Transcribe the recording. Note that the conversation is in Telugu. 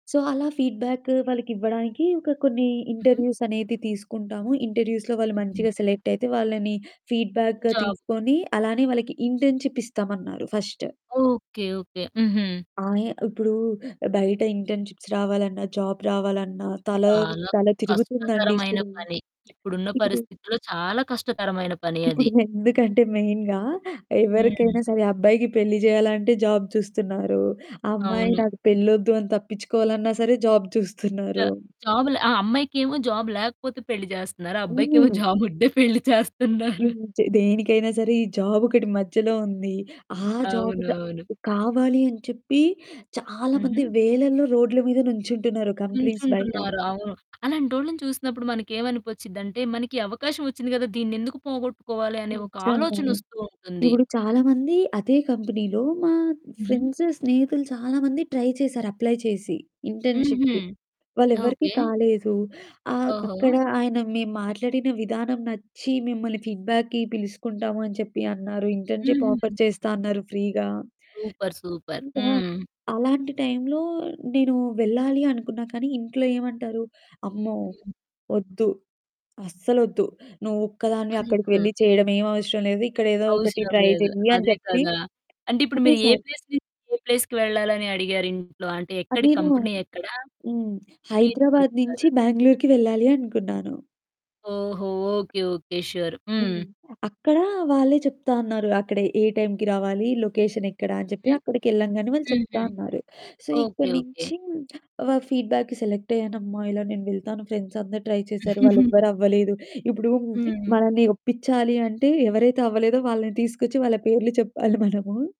సో అలా ఫీడ్‌బ్యాక్కు వాళ్ళకి ఇవ్వడానికి ఒక కొన్ని హుహు. ఇంటర్వ్యూస్ అనేది తీసుకుంటాము. ఇంటర్వ్యూస్‌లో వాళ్ళు హుహు. మంచిగా సెలెక్ట్ అయితే. వాళ్ళని ఫీడ్‌బ్యాక్‌గా జాబు. తీసుకొని అలానే వాళ్ళకి ఇంటర్న్‌షిప్ ఇస్తామన్నారు ఫస్టు. ఓకే. ఓకే. హుహు. ఆయా ఇప్పుడు బయట ఇంటర్న్‌షిప్స్ రావాలన్నా జాబ్ రావాలన్నా తల చాలా తల తిరుగుతుందండి కష్టతరమైన ఇప్పుడు పని. ఇప్పుడున్న ఇప్పుడూ పరిస్థితుల్లో చాలా కష్టతరమైన పని ఇప్పుడు అది. ఎందుకంటే మెయిన్‌గా హ్మ్. ఎవరికైనా సరే అబ్బాయికి పెళ్లి చేయాలంటే జాబ్ చూస్తున్నారు. అమ్మాయి అవును. నాకు పెళ్ళోద్దు అని తప్పించుకోవాలన్నా సరే జాబ్ చ చూస్తున్నారు. జాబ్ ల ఆ అమ్మాయికేమో జాబ్ లేకపోతే పెళ్లి చేస్తున్నారు. అబ్బాయికేమో హ్మ్. జాబ్ ఉంటే పెళ్లి చేస్తున్నారు. హ్మ్. చ దేనికైనా సరే ఈ జాబొకటి మధ్యలో ఉంది. ఆ జాబ్ ద అవునవును. కావాలి అని చెప్పి చాలా మంది హుహు. వేలల్లో రోడ్ల మీద నుంచుంటున్నారు కంపెనీస్ బయట. నుంచుంటున్నారు. అవును. అలాంటోళ్ళని చూసినప్పుడు మనకేమనిపొచ్చిందంటే మనకి అవకాశం వచ్చింది కదా! దీన్ని ఎందుకు పోగొట్టుకోవాలి అనే ఒక ఆలోచన నిజంగానే. వస్తూ ఉంటుంది. ఇప్పుడు చాలామంది అదే కంపెనీలో మా హుహు. ఫ్రెండ్సు స్నేహితులు చాలామంది ట్రై చేశారు. అప్లై చేసి హుహు. ఇంటర్న్‌షిప్‌కి వాళ్ళే ఎవరికీ ఓకే. కాలేదు. ఆహ్, ఓహో! అక్కడ ఆయన మేము మాట్లాడిన విధానం నచ్చి మిమ్మల్ని ఫీడ్‌బ్యాక్‌కి పిలుసుకుంటాము అని చెప్పి అన్నారు. ఇంటర్న్‌షిప్ ఆఫర్ హుహు. చేస్తా అన్నారు. ఫ్రీగా. సూపర్. సూపర్. ఇంకా హ్మ్. అలాంటి టైంలో నేను వెళ్ళాలి అనుకున్నా. కానీ ఇంట్లో ఏమంటారు? అమ్మో! హ్మ్. వద్దు. అస్సలొద్దు. నువ్వు ఒక్కదానివే అదే అక్కడికి కదా! వెళ్లి చేయడం ఏమి అవసరం లేదు. ఇక్కడ ఏదో ఒకటి అవసరం ట్రై లేదు. చెయ్యి అని అదే చెప్పి కదా! అంటే ఇప్పుడు మీరు ఏ అనేశారు. ప్లేస్ నుంచి ఏ ప్లేస్‌కి వెళ్ళాలి అని అడిగారు ఇంట్లో. అంటే ఆ! ఎక్కడి నేను కంపెనీ ఎక్కడ? హ్మ్. హైదరాబాద్ మీరెక్కడుంటారు? నుంచి బ్యాంగళూరుకి వెళ్ళాలి అనుకున్నాను. ఓహో! ఓకే. ఓకే. షూర్. హ్మ్. హ్మ్. అక్కడ వాళ్ళే చెప్తా అన్నారు. అక్కడ ఏ టైంకి రావాలి. లొకేషన్ ఎక్కడ అని చెప్పి హుహు. అక్కడికెళ్ళంగానే వాళ్ళు చెప్తా హుహు. అన్నారు. So okay. ఇక్కడి ఓకే. నుంచి వ ఫీడ్‌బ్యాక్‌కి సెలెక్ట్ అయ్యానమ్మా ఇలా నేను వెళ్తాను ఫ్రెండ్స్ అందరూ ట్రై చేశారు వాళ్ళు ఎవ్వరు అవ్వలేదు. ఇప్పుడు హ్మ్. మనల్ని ఒప్పిచాలి అంటే ఎవరైతే అవ్వలేదో వాళ్ళని తీసుకొచ్చి వాళ్ళ పేర్లు చెప్పాలి మనము.